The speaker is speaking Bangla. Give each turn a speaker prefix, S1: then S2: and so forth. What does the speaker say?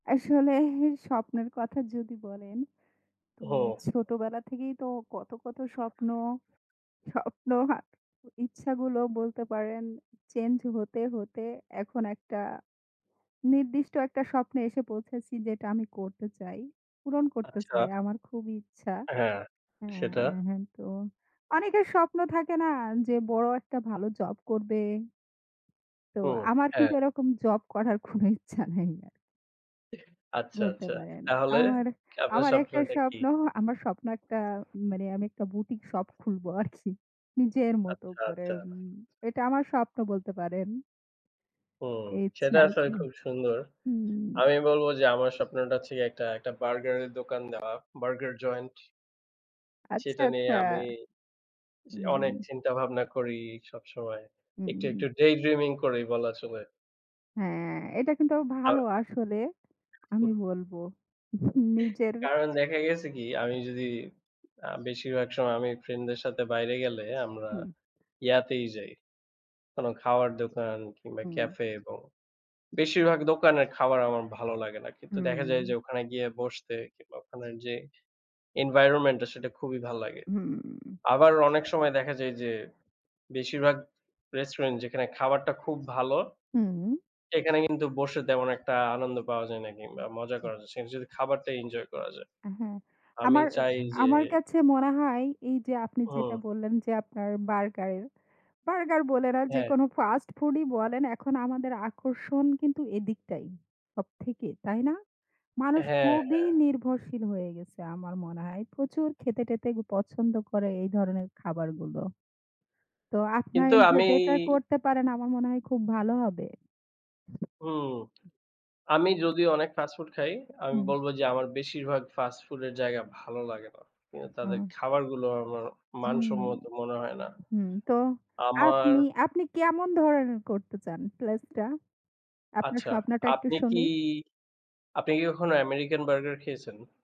S1: আসলে স্বপ্নের কথা যদি বলেন, তো
S2: হুম।
S1: ছোটবেলা থেকেই তো কত, কত স্বপ্ন, স্বপ্ন আর ইচ্ছাগুলো বলতে পারেন change হতে, হতে এখন একটা নির্দিষ্ট একটা স্বপ্নে এসে পৌঁছেছি যেটা আমি করতে চাই, পূরণ করতে
S2: আচ্ছা।
S1: চাই, আমার খুব ইচ্ছা
S2: হ্যাঁ।
S1: হ্যাঁ,
S2: সেটা?
S1: হ্যাঁ, তো অনেকের স্বপ্ন থাকে না যে, বড় একটা ভালো job করবে তো
S2: হু,
S1: আমার
S2: হ্যাঁ।
S1: কিন্তু এরকম job করার কোনো ইচ্ছা নাই আর
S2: এহ আচ্ছা,
S1: বলতে
S2: আচ্ছা।
S1: পারেন।
S2: তাহলে
S1: আমার
S2: কি, আপনার
S1: আমার একটাই
S2: স্বপ্নটা কি?
S1: স্বপ্ন, আমার স্বপ্ন একটা মানে আমি একটা boutique shop খুলবো আরকি নিজের মতো
S2: আচ্ছা,
S1: করে
S2: আচ্ছা।
S1: উম এটা আমার স্বপ্ন বলতে পারেন
S2: হুম,
S1: ইচ্ছা
S2: সেটা আসলে
S1: আছে।
S2: খুব সুন্দর।
S1: হুম।
S2: আমি বলব যে, আমার স্বপ্নটা হচ্ছে গিয়ে একটা একটা বার্গারের দোকান দেওয়া, বার্গার joint
S1: আচ্ছা,
S2: সেটা নিয়ে
S1: আচ্ছা।
S2: আমি যে, অনেক
S1: হুম।
S2: চিন্তাভাবনা করি সবসময়। একটু, একটু
S1: হুম।
S2: daydreaming করি বলা চলে।
S1: হ্যাঁ, এটা কিন্তু
S2: আ
S1: ভালো আসলে, আমি
S2: হুম।
S1: বলবো, নিজের
S2: কারণ দেখা গেছে কি, আমি যদি অ্যা বেশিরভাগ সময় আমি friend-দের সাথে বাইরে গেলে আমরা
S1: হুম।
S2: ইয়াতেই যাই। কোনো খাওয়ার দোকান কিংবা
S1: হুম।
S2: cafe, এবং বেশিরভাগ দোকানের খাবার আমার ভালো লাগে না। কিন্তু দেখা যায়
S1: হুম।
S2: যে, ওখানে গিয়ে বসতে কিংবা ওখানের যে, environment-টা সেটা খুবই ভালো লাগে।
S1: হুম।
S2: আবার অনেক সময় দেখা যায় যে, বেশিরভাগ restaurant যেখানে খাবারটা খুব ভালো,
S1: হুম।
S2: সেখানে কিন্তু বসে তেমন একটা আনন্দ পাওয়া যায় না কিংবা মজা
S1: উ
S2: করা যায় না। সেখানে শুধু খাবারটাই enjoy করা যায়।
S1: হ্যাঁ,
S2: আমি
S1: আমার
S2: চাই যে
S1: আমার কাছে মনে হয় এইযে, আপনি যেটা
S2: হুম।
S1: বললেন যে, আপনার burger এর burger বলেন আর
S2: হ্যাঁ।
S1: যেকোনো fast food-ই বলেন এখন আমাদের আকর্ষণ কিন্তু এদিকটাই, সবথেকে। তাই না? মানুষ
S2: হ্যাঁ,
S1: খুবই
S2: হ্যাঁ।
S1: নির্ভরশীল হয়ে গেছে আমার মনে হয়। প্রচুর খেতে-টেতে পছন্দ করে এই ধরনের খাবারগুলো। তো আপনার
S2: কিন্তু, আমি
S1: যদি এটা করতে পারেন আমার মনে হয় খুব ভালো হবে।
S2: হুম।
S1: উ
S2: আমি যদি অনেক fast food খাই, আমি
S1: হুম।
S2: বলব যে, আমার বেশিরভাগ fast food এর জায়গা ভালো লাগে না। কিন্তু তাদের
S1: আ
S2: খাবারগুলো আমার
S1: হুম।
S2: মানসম্মত মনে হয় না।
S1: হুম, তো
S2: আমার
S1: আপনি আপনি কেমন ধরনের করতে চান place টা? আপনার
S2: আচ্ছা,
S1: স্বপ্নটা একটু
S2: আপনি কি,
S1: শুনি।
S2: আপনি কি কখনো American burger খেয়েছেন?